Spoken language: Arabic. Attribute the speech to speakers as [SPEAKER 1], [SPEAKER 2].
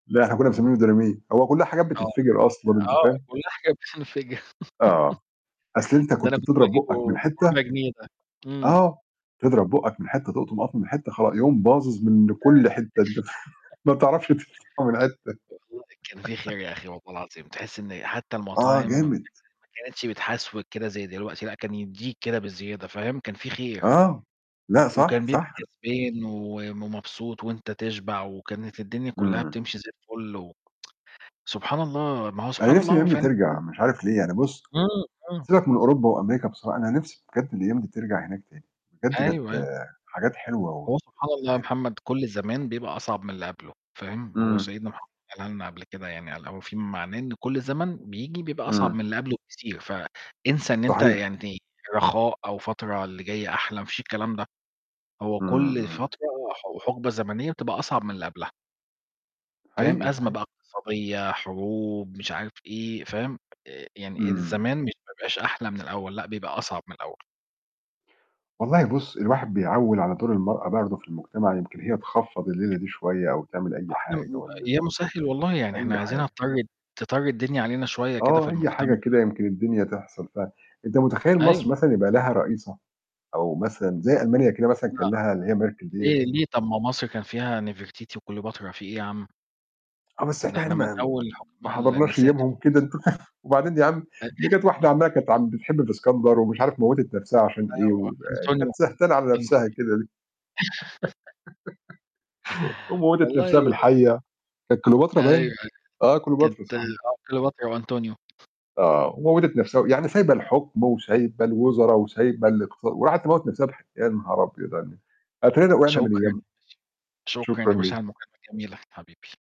[SPEAKER 1] لأ إحنا كنا مسميينه ديناميت. هو كل حاجة
[SPEAKER 2] آه،
[SPEAKER 1] بتتفجر أصلًا، أنت
[SPEAKER 2] آه
[SPEAKER 1] فاهم؟
[SPEAKER 2] كل حاجة بتنفجر
[SPEAKER 1] آه، أصل أنت
[SPEAKER 2] ده أنا
[SPEAKER 1] كنت
[SPEAKER 2] كنت
[SPEAKER 1] بتضرب بُقك من
[SPEAKER 2] باجيبه
[SPEAKER 1] حتة
[SPEAKER 2] بربع جنيه ده، امم.
[SPEAKER 1] آه، تضرب بُقك من حتة، تقطم قطمة من حتة خل يقوم باظِظ من كل حتة،
[SPEAKER 2] [unintelligible]
[SPEAKER 1] أنت فا ما بتعرفش [unintelligible] من حتة.
[SPEAKER 2] والله كان في خير يا أخي والله العظيم. تحس إن حتى
[SPEAKER 1] آه
[SPEAKER 2] المطاعم م
[SPEAKER 1] جامد.
[SPEAKER 2] ما كانتش بتحسوِك كدة زي دلوقتي، لأ، كان يدِّيك كدة بزيادة، فاهم، كان في خير.
[SPEAKER 1] آه. لأ صح،
[SPEAKER 2] وكان بيبقى
[SPEAKER 1] صح ن
[SPEAKER 2] كسبان وم مبسوط وأنت تشبع، وكانت الدنيا كلها
[SPEAKER 1] امم.
[SPEAKER 2] بتمشي زي الفل و سبحان الله، ما هو سبحان
[SPEAKER 1] أنا نِفسي
[SPEAKER 2] الله هو
[SPEAKER 1] الأيام دي
[SPEAKER 2] فعلًا كل
[SPEAKER 1] ترجع، مش عارف ليه يعني بُص،
[SPEAKER 2] امم، امم.
[SPEAKER 1] سيبك من أوروبا وأمريكا بصراحة، أنا نِفسي بجد الأيام دي ترجع هناك تاني. بجد
[SPEAKER 2] أيوة،
[SPEAKER 1] كانت
[SPEAKER 2] أيوة.
[SPEAKER 1] حاجات حلوة و
[SPEAKER 2] هو سبحان
[SPEAKER 1] مش
[SPEAKER 2] الله يا
[SPEAKER 1] عارف.
[SPEAKER 2] محمد كل زمان بيبقى أصعب من اللي قبله، فاهم، ما هو
[SPEAKER 1] امم.
[SPEAKER 2] سيدنا محمد قالها لنا قبل كدة يعني، قال أو في معناه إن كل زمن بييجي بيبقى أصعب من
[SPEAKER 1] امم.
[SPEAKER 2] اللي قبله بكتير. فإنسى إن أنت
[SPEAKER 1] صحيح.
[SPEAKER 2] يعني رخاء أو فترة اللي جاية أحلى، مفيش الكلام ده. هو
[SPEAKER 1] امم،
[SPEAKER 2] كل
[SPEAKER 1] امم.
[SPEAKER 2] فترة وح وحقبة زمنية بتبقى أصعب من اللي قبلها. فاهم،
[SPEAKER 1] حقيقي،
[SPEAKER 2] أزمة
[SPEAKER 1] [unintelligible]
[SPEAKER 2] بقى اقتصادية، حروب، مش عارف إيه، فاهم، آآ، يعني
[SPEAKER 1] امم.
[SPEAKER 2] الزمان مش ما بيبقاش أحلى من الأول، لأ، بيبقى أصعب من الأول.
[SPEAKER 1] والله بُص الواحد بيعوّل على دور المرأة برضو في المجتمع، يمكن هي تخفّض الليلة دي شوية أو تعمل أي
[SPEAKER 2] إحنا
[SPEAKER 1] حاجة
[SPEAKER 2] م
[SPEAKER 1] والّا
[SPEAKER 2] يا مسهل والله يعني إحنا
[SPEAKER 1] أي
[SPEAKER 2] عايزينها
[SPEAKER 1] حاجة.
[SPEAKER 2] تطرِّي تطرِّي الدنيا علينا شوية كدة في
[SPEAKER 1] آه، أي حاجة
[SPEAKER 2] المجتمع.
[SPEAKER 1] كده يمكن الدنيا تحصل ف أنت متخيل
[SPEAKER 2] أيوة.
[SPEAKER 1] مصر مثلًا يبقى لها رئيسة؟ أو مثلًا زي ألمانيا كده مثلًا
[SPEAKER 2] لأ.
[SPEAKER 1] كان ليها اللي هي Merkel دِيَّة.
[SPEAKER 2] ليه، ليه؟ طب ما مصر كان فيها نفرتيتي وكليوباترا، فيه إيه يا عم؟
[SPEAKER 1] آه، بس
[SPEAKER 2] ده
[SPEAKER 1] إحنا هنا
[SPEAKER 2] إحنا من
[SPEAKER 1] ما
[SPEAKER 2] أول
[SPEAKER 1] ما
[SPEAKER 2] حكماء ال
[SPEAKER 1] حضرناش
[SPEAKER 2] النساء كان
[SPEAKER 1] أيامهم
[SPEAKER 2] في
[SPEAKER 1] كده،
[SPEAKER 2] مصر
[SPEAKER 1] أنت فاهم، وبعدين يا عم دي
[SPEAKER 2] [unintelligible]
[SPEAKER 1] كانت واحدة عمّاله كانت عم بتحب في إسكندر ومش عارف موِّتت نَفسها عشان
[SPEAKER 2] آه،
[SPEAKER 1] إيه،
[SPEAKER 2] وأنطونيو
[SPEAKER 1] وكانت سهتانة على
[SPEAKER 2] أنطو
[SPEAKER 1] نَفسها كده ليه! وموّتت نََفسها
[SPEAKER 2] والله
[SPEAKER 1] بالحيّة. كانت كليوباترا
[SPEAKER 2] أيوة، أيوة
[SPEAKER 1] باين؟ آه
[SPEAKER 2] كانت
[SPEAKER 1] كليوباترا صحيح.
[SPEAKER 2] آه كليوباترا وأنطونيو.
[SPEAKER 1] آه. وموِّتت نَفسها و يعني سايبة الحكم وسايبة الوزرا، وسايبة
[SPEAKER 2] [unintelligible]
[SPEAKER 1] الاقتص وراحت تموِّت نَفسها بالح يا نهار أبيض على الن أتارينا وقعنا من
[SPEAKER 2] شكرًا يا
[SPEAKER 1] أيامها،
[SPEAKER 2] باشا، شكرًا
[SPEAKER 1] شكرًا
[SPEAKER 2] يا باشا على
[SPEAKER 1] ليك.
[SPEAKER 2] المكالمة الجميلة حبيبي.